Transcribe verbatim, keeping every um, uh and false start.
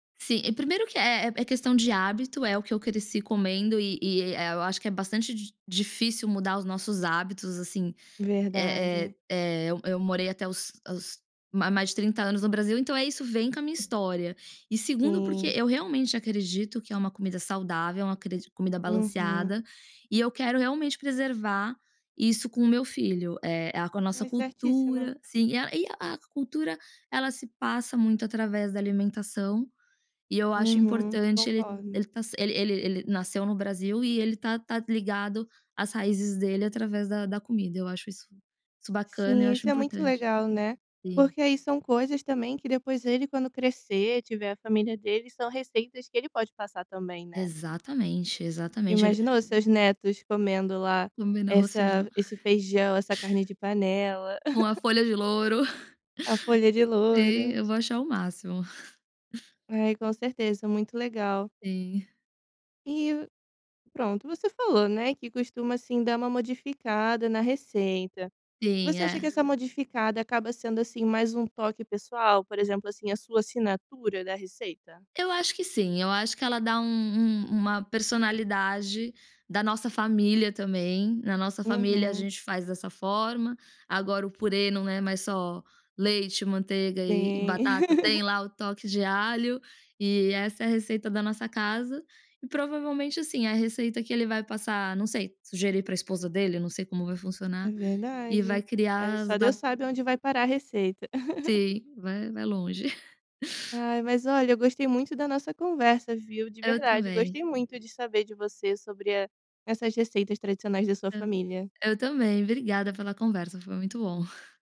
Sim, e primeiro que é é questão de hábito, é o que eu cresci comendo e e, eh eh, eu acho que é bastante di difícil mudar os nossos hábitos assim. Eh Verdade. eh eh, eu eu morei até os os ma mais de trinta anos no Brasil, então é isso vem com a minha história. E segundo porque Sim. eu realmente acredito que é uma comida saudável, é uma cri comida Uhum. balanceada, e eu quero realmente preservar isso com o meu filho, eh, a com a nossa Ai, certíssima. cultura, sim, a e a cultura ela se passa muito através da alimentação, e eu acho Uhum, importante ele concordo. ele ta se ele ele ele nasceu no Brasil e ele tá tá ligado às raízes dele através da da comida, eu acho isso isso bacana e eu Sim, acho isso é muito importante. legal, né, Sim. porque aí são coisas também que depois ele quando crescer tiver a família dele, são receitas que ele pode passar também, né. Exatamente, exatamente. Ele Imaginou seus netos comendo lá Comendo arroz, essa feijão. esse feijão, essa carne de panela? Uma folha de louro. A folha de Sim, louro. eu vou achar o máximo. Ai, com certeza, muito legal. Sim. E pronto, você falou, né, que costuma, assim, dar uma modificada na receita. Sim, Você acha é. que essa modificada acaba sendo, assim, mais um toque pessoal, por exemplo, assim, a sua assinatura da receita? Eu acho que sim, eu acho que ela dá um um uma personalidade da nossa família também, na nossa família a Uhum. gente faz dessa forma, agora o purê não é mais só leite, manteiga e e batata, Sim. tem lá o toque de alho, e essa é a receita da nossa casa e provavelmente, assim, a receita que ele vai passar não sei, sugerir para esposa dele, não sei como vai funcionar, É e vai verdade. Aí criar as só da Deus sabe onde vai parar a receita. Sim, vai vai longe. Ai, mas olha, eu gostei muito da nossa conversa viu, de Eu verdade, também. gostei muito de saber de você sobre a essas receitas tradicionais da sua [unintelligible] família. Eu também, obrigada pela conversa, foi muito bom.